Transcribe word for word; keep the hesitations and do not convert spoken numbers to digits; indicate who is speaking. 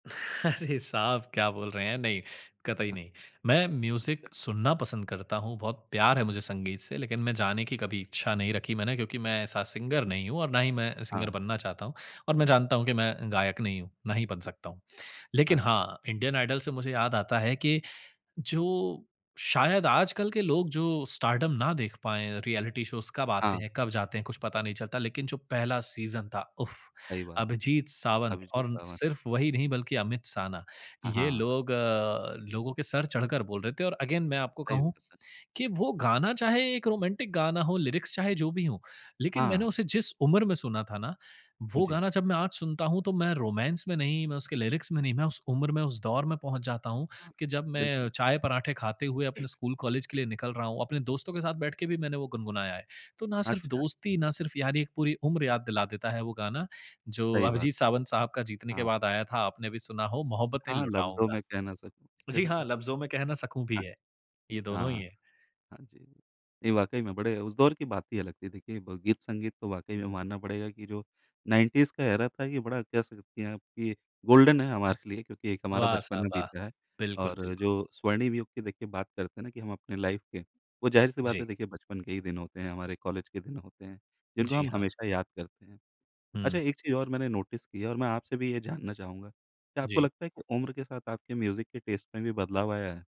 Speaker 1: अरे साहब, क्या बोल रहे हैं? नहीं, कतई
Speaker 2: हाँ।
Speaker 1: नहीं। मैं
Speaker 2: अच्छा।
Speaker 1: म्यूज़िक सुनना पसंद करता हूँ, बहुत प्यार है मुझे संगीत से लेकिन मैं जाने की कभी इच्छा नहीं रखी मैंने क्योंकि मैं ऐसा सिंगर नहीं हूँ और ना ही मैं सिंगर
Speaker 2: हाँ।
Speaker 1: बनना चाहता हूँ और मैं जानता हूँ कि मैं गायक नहीं हूँ, ना ही बन सकता हूँ।
Speaker 2: हाँ
Speaker 1: लेकिन
Speaker 2: ज
Speaker 1: हाँ, इंडियन आइडल से मुझे याद आता है कि जो शायद आजकल के लोग जो स्टारडम ना देख पाएँ, रिऐलिटी शोज़ कब आते
Speaker 2: हाँ।
Speaker 1: हैं, कब जाते हैं, कुछ पता नहीं चलता। लेकिन जो पहला सीज़न था उफ़,
Speaker 2: सही बात है।
Speaker 1: अभिजीत सावंत
Speaker 2: अभिजीत
Speaker 1: और उन
Speaker 2: सावंत।
Speaker 1: सिर्फ़ वही नहीं बल्कि अमित साना।
Speaker 2: हाँ,
Speaker 1: ये
Speaker 2: हाँ, हाँ।
Speaker 1: लोग अ, लोगों के सर चढ़कर बोल रहे थे और अगेन मैं आपको
Speaker 2: टाइ
Speaker 1: कहूँ
Speaker 2: हुआ था।
Speaker 1: कि वो गाना चाहे एक रोमांटिक गाना हो, लिरिक्स चाहे जो भी हों, लेकिन मैंने
Speaker 2: हाँ।
Speaker 1: उसे जिस उम्र में सुना था ना, वो
Speaker 2: जी।
Speaker 1: गाना जब मैं आज सुनता हूँ तो मैं रोमांस में नहीं, मैं उसके लिरिक्स में नहीं, मैं उस उम्र में, उस दौर में पहुँच जाता हूँ
Speaker 2: हाँ।
Speaker 1: कि जब मैं अ,
Speaker 2: बिल्कुल।
Speaker 1: चाय-पराठे खाते हुए अपने स्कूल-कॉलेज के लिए निकल रहा हूँ। अपने दोस्तों के साथ बैठ के भी मैंने वो गुनगुनाया है। तो ना सिर्फ़
Speaker 2: अच्छा है।
Speaker 1: दोस्ती ना सिर्फ़ यारी, एक पूरी उम्र याद दिला देता है वो गाना। जो
Speaker 2: सही बात।
Speaker 1: अभिजीत सावंत साहब का जीतने के
Speaker 2: हाँ।
Speaker 1: बाद आया था, आपने भी सुना हो, "मोहब्बतें
Speaker 2: हाँ, हाँ, "लफ्ज़ों
Speaker 1: लुटाऊँगा"।
Speaker 2: मैं कह ना सकूँ"।
Speaker 1: जी
Speaker 2: चेह अ
Speaker 1: हाँ, "लफज़ों में कह ना सकूँ" भी
Speaker 2: हाँ।
Speaker 1: है। ये
Speaker 2: हाँ,
Speaker 1: दोनों ही
Speaker 2: हाँ।
Speaker 1: है।
Speaker 2: हाँ जी। ये वाक़ई में बड़े उस दौर की बात ही अलग थी। देखिए, ब गीत-संगीत तो वाक़ई में मानना पड़ेगा कि जो नाइनटीज़ का एरा था, ये बड़ा कह सकती हैं आप कि गोल्डन है हमारे लिए क्योंकि एक हमारा
Speaker 1: वाह!
Speaker 2: बचपन
Speaker 1: साहब
Speaker 2: में
Speaker 1: वाह!
Speaker 2: बीता है।
Speaker 1: बिल्कुल,
Speaker 2: और जो
Speaker 1: बिल्कुल।
Speaker 2: स्वर्णिम युग की देखिए बात करते हैं ना कि हम अपनी लाइफ़ के, वो ज़ाहिर-सी बात
Speaker 1: जी।
Speaker 2: है, देखिए बचपन के ही दिन होते हैं, हमारे कॉलेज के दिन होते हैं, जिनको
Speaker 1: जी,
Speaker 2: हम
Speaker 1: हाँ।
Speaker 2: हमेशा याद करते हैं। अच्छा,
Speaker 1: हुँ।
Speaker 2: एक चीज़ और मैंने नोटिस की है और मैं आपसे भी ये जानना चाहूँगा। क्या आपको
Speaker 1: जी।
Speaker 2: लगता है कि उम्र के साथ आपके म्यूज़िक के टेस्ट में भी बदलाव आया है?